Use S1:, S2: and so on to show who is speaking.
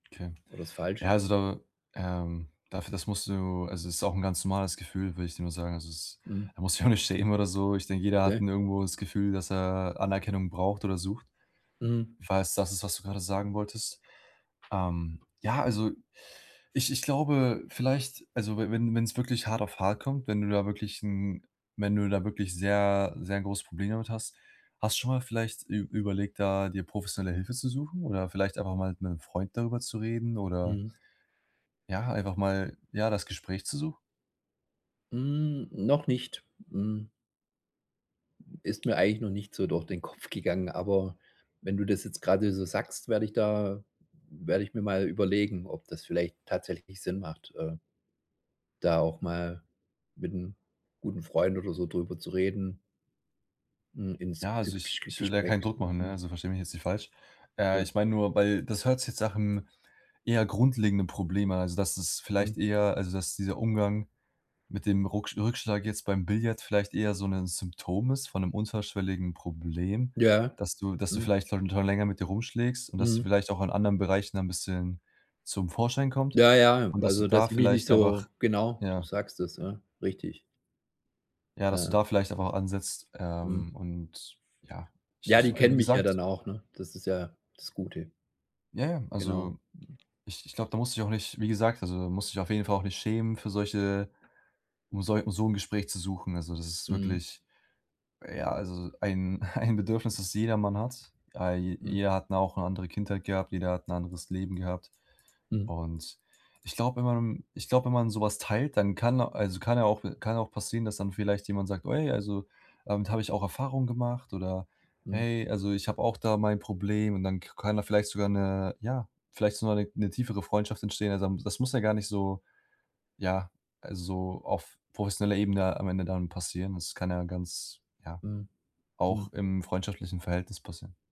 S1: Tja.
S2: Oder ist
S1: Ja,
S2: falsch
S1: also da, ähm, dafür das musst du also es ist auch 'n ganz normales Gefühl, will ich dir nur sagen. Also, es
S2: Mhm.
S1: da musst du dich auch nicht schämen oder so. Ich denke, jeder hat,
S2: Okay.
S1: ne, irgendwo das Gefühl, dass er Anerkennung braucht oder sucht.
S2: Mhm.
S1: Falls es das ist, was du gerade sagen wolltest. Ähm, ja, also ich ich glaube vielleicht also, we wenn wenn's wirklich hart auf hart kommt, wenn du da wirklich 'n wenn du da wirklich sehr sehr 'n großes Problem damit hast, hast du schon mal vielleicht ü überlegt, da dir professionelle Hilfe zu suchen oder vielleicht einfach mal mit 'nem Freund darüber zu reden oder
S2: Mhm.
S1: ja, einfach mal, ja, das Gespräch zu suchen?
S2: Hm, noch nicht, hm. Ist mir eigentlich noch nicht so durch den Kopf gegangen, aber wenn du das jetzt gerade so sagst, werde ich da werde ich mir mal überlegen, ob das vielleicht tatsächlich Sinn macht, äh da auch mal mit 'n guten Freund oder so drüber zu reden. Hm, ins
S1: Ja, also ich
S2: [unintelligible]
S1: ich will da
S2: Gespräch
S1: keinen Druck machen, ne,
S2: suchen.
S1: also versteh mich jetzt nicht falsch. Äh,
S2: Ja.
S1: ich mein nur, weil, das hört sich jetzt nach'm eher grundlegenden Problem an, also dass es
S2: Mhm.
S1: vielleicht eher also, dass dieser Umgang mit dem Rucksch Rückschlag jetzt beim Billard vielleicht eher so 'nen Symptom ist von 'nem unterschwelligen Problem,
S2: Ja,
S1: das du das du
S2: mhm.
S1: vielleicht darunter länger mit dir rumschlägst und dass du
S2: Mhm.
S1: vielleicht auch in anderen Bereichen ein bisschen zum Vorschein kommt,
S2: Ja, ja,
S1: und dass du
S2: also
S1: da
S2: dass ich mich nicht
S1: vielleicht einfach,
S2: so genau, du
S1: ja
S2: sagst es, ja, richtig.
S1: Ja, dass du
S2: Ja.
S1: da vielleicht einfach ansetzt,
S2: Mhm.
S1: ähm, und ja, ich
S2: Ja,
S1: ich
S2: die
S1: wie
S2: kennen mich ja
S1: gesagt
S2: dann auch, ne, das ist ja das Gute.
S1: Ja, ja,
S2: Genau.
S1: also ich ich glaube, da musst du dich auch nicht wie gesagt, also da musst du dich auf jeden Fall auch nicht schämen für solche, um sol um so 'n Gespräch zu suchen. Also, das ist
S2: Mhm.
S1: wirklich, ja, also ein ein Bedürfnis, das jedermann hat. Äh, j
S2: Mhm.
S1: jeder hat ja auch 'ne andere Kindheit gehabt, jeder hat 'n anderes Leben gehabt,
S2: Mhm.
S1: und ich glaube, wenn man ich glaube, wenn man so was teilt, dann kann also kann ja auch kann ja auch passieren, dass dann vielleicht jemand sagt „Ui, also damit hab ich auch Erfahrungen gemacht” oder
S2: Mhm.
S1: „Hey, also, ich habe auch da mein Problem”, und dann k kann da vielleicht sogar 'ne ja, vielleicht sogar 'ne 'ne tiefere Freundschaft entstehen. Also, da m das muss ja gar nicht so, ja, also auf professioneller Ebene am Ende dann passieren. Das kann ja ganz ja,
S2: Mhm.
S1: auch
S2: Mhm.
S1: im freundschaftlichen Verhältnis passieren.